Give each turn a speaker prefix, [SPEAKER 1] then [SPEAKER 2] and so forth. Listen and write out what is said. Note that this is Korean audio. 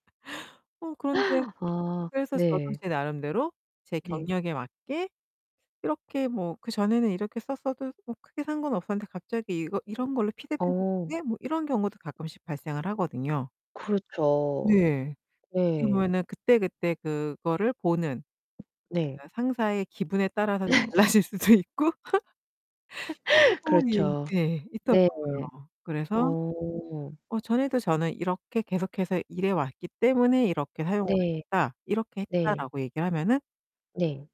[SPEAKER 1] 어 그런데
[SPEAKER 2] 아.
[SPEAKER 1] 그래서 저도
[SPEAKER 2] 네.
[SPEAKER 1] 제 나름대로 제
[SPEAKER 2] 네.
[SPEAKER 1] 경력에 맞게 이렇게 뭐 그전에는 이렇게 썼어도 뭐 크게 상관 없었는데 '갑자기 이거 이런 걸로 피드백을
[SPEAKER 2] 어.
[SPEAKER 1] 주네?' 뭐 이런 경우도 가끔씩 발생을 하거든요.
[SPEAKER 2] 그렇죠.
[SPEAKER 1] 네. 어떻게
[SPEAKER 2] 네.
[SPEAKER 1] 보면은 그때그때 그거를 보는
[SPEAKER 2] 네.
[SPEAKER 1] 약간 상사의 기분에 따라서 좀 달라질 수도 있고. 충분히
[SPEAKER 2] 그렇죠.
[SPEAKER 1] 예
[SPEAKER 2] 네.
[SPEAKER 1] 있더라고요. 그래서
[SPEAKER 2] 어.
[SPEAKER 1] "어 전에도 저는 이렇게 계속해서 일해왔기 때문에 이렇게 사용을
[SPEAKER 2] 네.
[SPEAKER 1] 했다. 이렇게
[SPEAKER 2] 네.
[SPEAKER 1] 했다."라고 얘기를 하면은
[SPEAKER 2] 네.